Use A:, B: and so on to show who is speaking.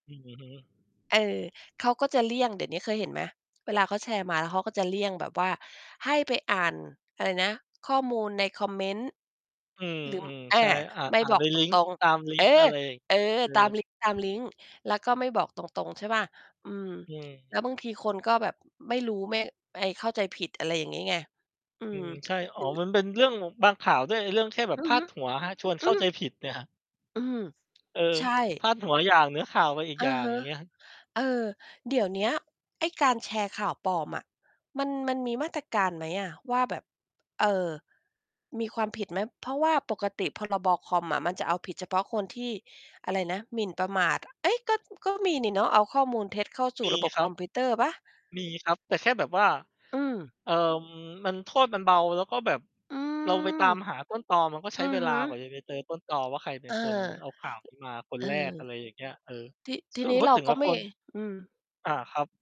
A: อือฮึ
B: เออ เขาก็จะเลี่ยง เดี๋ยวนี้เคยเห็นไหม? เวลาเขาแชร์มาแล้ว เขาก็จะเลี่ยงแบบว่า ให้ไปอ่าน อะไรนะ ข้อมูลในคอมเมนต์
A: อืม
B: หรือ อ
A: ๆ
B: า
A: ใช่ อ่า
B: ไม่
A: อ่า
B: บ
A: น
B: อ
A: ใ
B: ก
A: น
B: ต
A: ลิงก์
B: รง
A: ตามล
B: ๆ
A: ิ
B: เออ
A: งก์อะไรอีก?
B: เออ
A: เออ
B: ตาม ลิงก์ ตามลิงก์ แล้วก็ไม่บอกตรง ๆ ใช่เปล่า? อืม
A: อื
B: แ
A: ม
B: ล้วบางทีคนก็แบบไม่รู้ ไม่ ไอ้เข้าใจผิด อะไรอย่างนี้ไง อื
A: อื
B: ม
A: ม ใช่ อ
B: ห
A: ๋
B: ร
A: อ
B: ือ
A: มันเป็นเรื่อง บางข่าวด้วย ไอ้เรื่องแค่แบบ
B: อื
A: พ
B: อ
A: า
B: ฮึ
A: ดหัวครับ ชวน
B: อ
A: เ
B: ื
A: ข้าใจ
B: อ
A: ผิดเนี่ยครับ
B: อืม
A: เออ
B: ใช่
A: พาดหัวอย่าง เนื้อข่าวไปอีก
B: อ
A: อย
B: ื
A: ่า
B: อ
A: ง
B: ฮึ
A: อย่างเงี้ย
B: เออ เดี๋ยวเนี้ย ไอ้การแชร์ข่าวปลอมอะ มัน มันมีมาตรการไหมอะว่า แบบ เออ มีความผิดไหม? เพราะว่าปกติ พรบ.คอมอะ มันจะเอาผิดเฉพาะคนที่ อะไรนะ หมิ่นประมาท เฮ้ย ก็ ก็มีนี่เนาะ เอาข้อมูลเท็จเข้าสู
A: ม
B: ่
A: ี
B: ระบบ
A: คร
B: ค
A: ับ
B: อมพิวเตอร์เปล่า?
A: มีครับ แต่แค่แบบว่า
B: อืม
A: เอ่อ มัน โทษมันเบา แล้วก็แบบ
B: อื
A: เราไปตา
B: ม
A: มหาต้นตอ มันก็ใช
B: อื
A: ้
B: อ
A: เว
B: ฮ
A: ลากว่า
B: ึ
A: จะไปเจอต้นตอว่า ใครเป็
B: อ
A: น
B: า
A: คนเอาข่าวนี้มาค
B: เ
A: น
B: ออ
A: แรก อะไรอย่างเงี้ย เออ
B: ที ที
A: ค
B: ่
A: ือ
B: นี้
A: พู
B: เ
A: ด
B: รา
A: ถึง
B: ก
A: แ
B: ็
A: ล้ว
B: ไม
A: ค
B: ่
A: น
B: อืม
A: อา ครับ